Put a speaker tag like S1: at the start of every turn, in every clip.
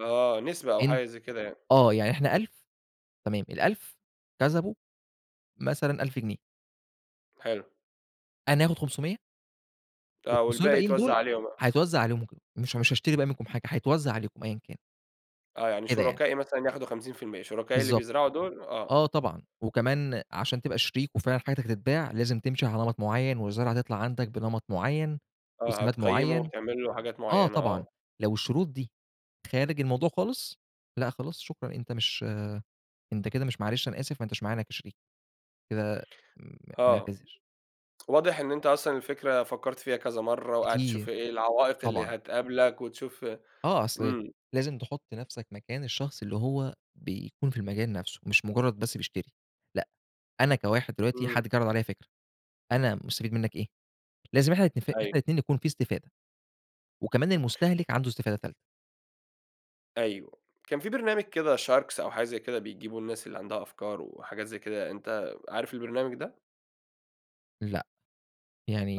S1: آه نسبة أو
S2: أن
S1: حاجة زي كده يعني.
S2: آه يعني إحنا 1000 تمام ال1000 كسبوا مثلًا 1000 جنيه.
S1: حلو.
S2: أنا آخد 500
S1: آه
S2: وال500
S1: والباقي
S2: الباقيين
S1: يتوزّع
S2: دول
S1: عليهم بقى.
S2: هيتوزّع عليهم وكده، مش مش هاشتري بقى منكم حاجة، هيتوزّع عليكم أيًا كان.
S1: آه يعني
S2: كده يعني.
S1: شُركائي مثلًا ياخدوا 50%. شركائي اللي
S2: بالضبط،
S1: بيزرعوا دول، آه.
S2: آه طبعًا. وكمان عشان تبقى شريك، وفعلًا حاجتك تتباع، لازم تمشي على نمط معيّن، والزرعة تطلع عندك بنمط معيّن،
S1: آه
S2: وسِماد
S1: هتقيّمه
S2: معيّن.
S1: وتعمل له حاجات
S2: آه
S1: معيّنة
S2: طبعًا،
S1: آه.
S2: لو الشروط دي خارج الموضوع خالص، لأ خلاص شكرًا، أنت مش أنت كده مش معلش أنا آسف، ما أنتاش معانا كشريك، كده إمم،
S1: آه،
S2: بنعتذر.
S1: واضح إن أنت أصلًا الفكرة فكرت فيها كذا مَرّة، وقاعد تشوف
S2: كتير،
S1: إيه العوائق اللي
S2: طبعًا.
S1: هتقابلك، وتشوف
S2: آه أصل
S1: إمم.
S2: لازم تحط نَفْسك مكان الشخص اللي هو بيكون في المجال نَفْسه، مش مجرّد بس بيشتري، لأ، أنا كواحد دلوقتي
S1: إمم.
S2: حد جِه عَرَض عليّا فِكرة، أنا مستفيد مِنّك إيه؟ لازم إحنا نتفق، إحنا
S1: أيوه.
S2: الاتنين يكون في استفادة، وكمان المستهلِك عنده استفادة تالتة.
S1: أيوه، كان فيه برنامج كده Sharks أو حاجة زي كده، بيجيبوا الناس اللي عندها أفكار وحاجات زي كده، أنت عارف البرنامج ده؟
S2: لأ،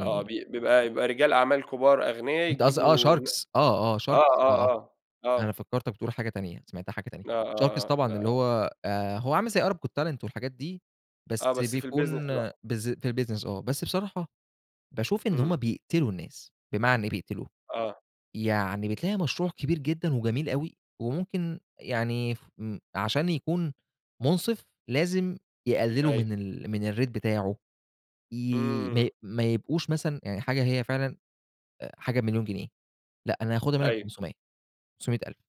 S1: آه بي بيبقى بيبقى رجال أعمال كبار أغنيا
S2: أنت قصد آه
S1: يجيبوا ن
S2: sharks آه، آه
S1: آه،
S2: sharks
S1: آه،
S2: آه آه،
S1: آه،
S2: أنا
S1: آه.
S2: فكّرتك بتقول حاجة تانية، سمعتها حاجة تانية.
S1: آه،
S2: sharks
S1: آه،
S2: طبعًا، اللي
S1: آه.
S2: هو آآ، هو عامل زي Arab Got Talent والحاجات دي،
S1: آه
S2: بس
S1: بس في
S2: بيكون
S1: الbusiness بقى.
S2: بالذ في الbusiness آه، بس بصراحة باشوف إن
S1: إمم.
S2: هُم بيقتلوا الناس، بمعنى إيه بيقتلوا،
S1: آه.
S2: يعني بتلاقي مشروع كبير جدًا وجميل أوي، وممكن يعني ف م عشان يكون مُنصِف، لازم يقللوا من
S1: أيوه.
S2: ال من الrate بتاعه، ي ما
S1: إمم.
S2: ي ما يبقوش مثلًا يعني حاجة هي فعلًا آآ حاجة ب 1,000,000 جنيه، لأ أنا هاخدها مِنّك
S1: أيوه.
S2: ب500 500,000.